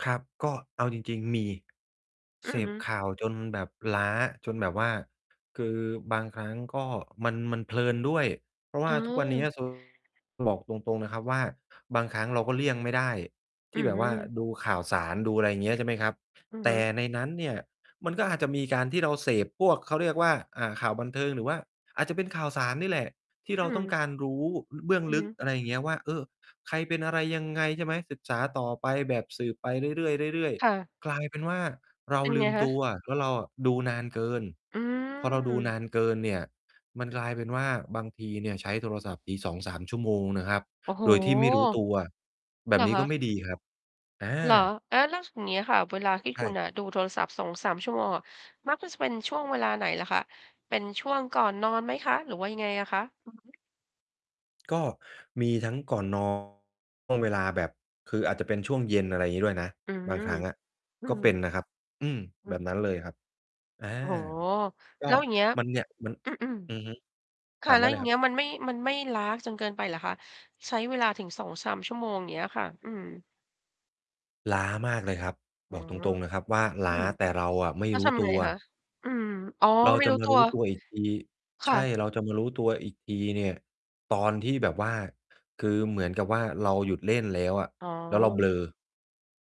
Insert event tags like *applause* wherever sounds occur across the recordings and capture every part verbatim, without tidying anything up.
ครับ ก็เอาจริง ๆ มี อืเสอฮพึ ข่าวจนแบบล้า จนแบบว่า คือบางครั้งก็มัน มันเพลินด้วย เพราะวอ๋่าทุกวันเนี้อ ย *unintelligible* หลอก ตรง ๆ นะครับว่า บางครั้งเราก็เลี่ยงไม่ได้ทอีื้่อแบฮบืว่าอ ดูข่าวสาร ดูอะไรเงี้ย ใช่ไหมครับ อือแตฮึ ่ในนั้นเนี่ยมันก็อาจจะมีการที่เราเสพพวก เขาเรียกว่า อ่า ข่าวบันเทิง หรือว่าอาจจะเป็นข่าวสารนี่แหละ ที่อเรืาต้องม การรู้ อ เบื้องอือลึฮึ ก อะไรอย่างเงี้ยว่า เออ ใครเป็นอะไรยังไง ใช่ไหม ศึกษาต่อไปแบบสืบไปเรื่อย ๆ เรื่อย ค่ะ ๆ กลายเป็นว่าเราเป็นลไืงมคตะ? ัวว่า เราอะดูนานเกิน อืพอเราดูนม านเกินเนี่ย มันกลายเป็นว่า บางทีเนี่ยใช้โทรศัพท์ที สองสาม ชั่วโมงนะครับ โอ้โฮ โดยที่ไม่รู้ตัว อแา บเหบรอนี้คก็ไะ? ม่ดีครับ อา เหรอ? อา แล้ว ส อย่างเงี้ยค่ะ เวลาที่ใชคุณ่ น่ะ ดูโทรศัพท์ สองสาม ชั่วโมงอะ มักจะเป็นช่วงเวลาไหนเหรอคะ? เป็นช่วงก่อนนอนไหมคะ หรือว่ายังไงอะคะ? อือฮึ ก็มีทั้งก่อน นอน ช่วงเวลาแบบ คืออาจจะเป็นช่วงเย็น อะไรงี้ด้วยนะ อือ บอื้างครั้งอะอก็ฮืเป็อ นนะครับ อืม อแืบบม นั้นเลยครับ อา โอ้โฮ ก็แล้วอย่างเงี้ย มันเนี่ย มัน อืม อือฮึ ๆ คถ่ะ ามไแดล้้วเอลย่ายงคเรังบ ี้ย มันไม่ มันไม่ล้าจนเกินไปเหรอคะ? ใช้เวลาถึง สองสาม ชั่วโมง อย่างเงี้ยค่ะ อืม ล้ามากเลยครับ อ๋บอ อกตรง ๆ นะครับว่าลอื้า ม แต่เราอะไม่แล้วรูท้ำตไงัว คะ? อืม ๆ อ๋อ เราไม่จะรู้มาตัรูว ้ตัวอีกที คใช่ะ ่ เราจะมารู้ตัวอีกทีเนี่ย ตอนที่แบบว่า คือเหมือนกับว่าเราหยุดเล่นแล้วอะ อ๋อ แล้วเราเบลอ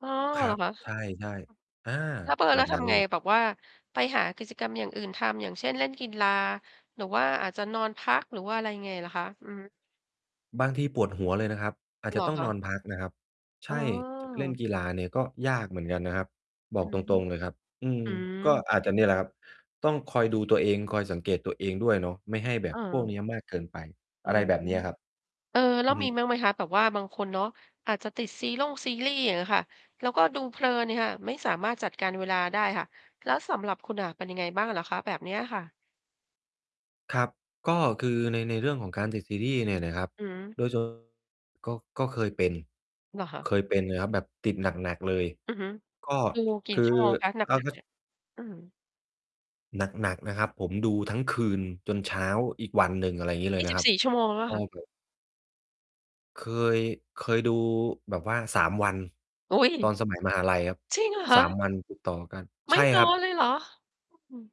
อ้อ ครเัหรอบ คะ? ใช่ ๆ อา แล้วเบลอ แบแล้วบทนั้นำไง เลย แบบว่าไปหากิจกรรมอย่างอื่นทำ อย่างเช่น เล่นกีฬา หรือว่าอาจจะนอนพัก หรือว่าอะไรยังไงเหรอคะ? อือฮึ บางทีปวดหัวเลยนะครับ อาจเจหระอต้องคะ? นอนพักนะครับ ใชอ๋่ จะไป เล่นอ กีฬาเนี่ย ก็ยากเหมือนกันนะครับ บออืกตอฮึ รง ๆ เลยครับ อืม อืก็ม อาจจะเนี่ยแหละครับ ต้องคอยดูตัวเอง คอยสังเกตตัวเองด้วยเนาะ ไม่ให้แบเบพวกเออ นี้ยมากเกินไป อือะไรม แบบเนี้ยครับ เออ แล้อืวอฮมีึ บ้างไหมคะ? แบบว่าบางคนเนาะ อาจจะติดซีร่งซีรีส์ อย่างเงี้ยค่ะ แล้วก็ดูเพลินเนี่ยค่ะ ไม่สามารถจัดการเวลาได้ค่ะ แล้วสำหรับคุณอะ เป็นยังไงบ้างเหรอคะ แบบเนี้ยอะค่ะ? ครับ ก็คือใน ในเรื่องของการติด ซีรีส์เนี่ยนะครับ อืม โดย *unintelligible* ก็ ก็เคยเป็น เหรอคะ? เคยเป็นนะครับ แบบติดหนัก ๆ เลย อือฮึ ก็ ดูกคี่ือ ชั่วโมงคะ หนอ้าว ัคก รัๆ เบ นี่ย? อือ หนัก ๆ นะครับ ผมดูทั้งคืนจนเช้าอีกวันหนึ่ง อะไรงี้เลยีย่นสะิคบรับ สี่ ชั่วโมงหรือเปลโ่อา ้คะ? โฮ เคย เคยดูแบบว่า สาม วัน อุ๊ย! ตอนสมัยมหาลัยครับ จริงเหรอคสาม ะ? วันติดต่อกัน ไมใช่่นครัอบ นเลยเหรอ? อ อืม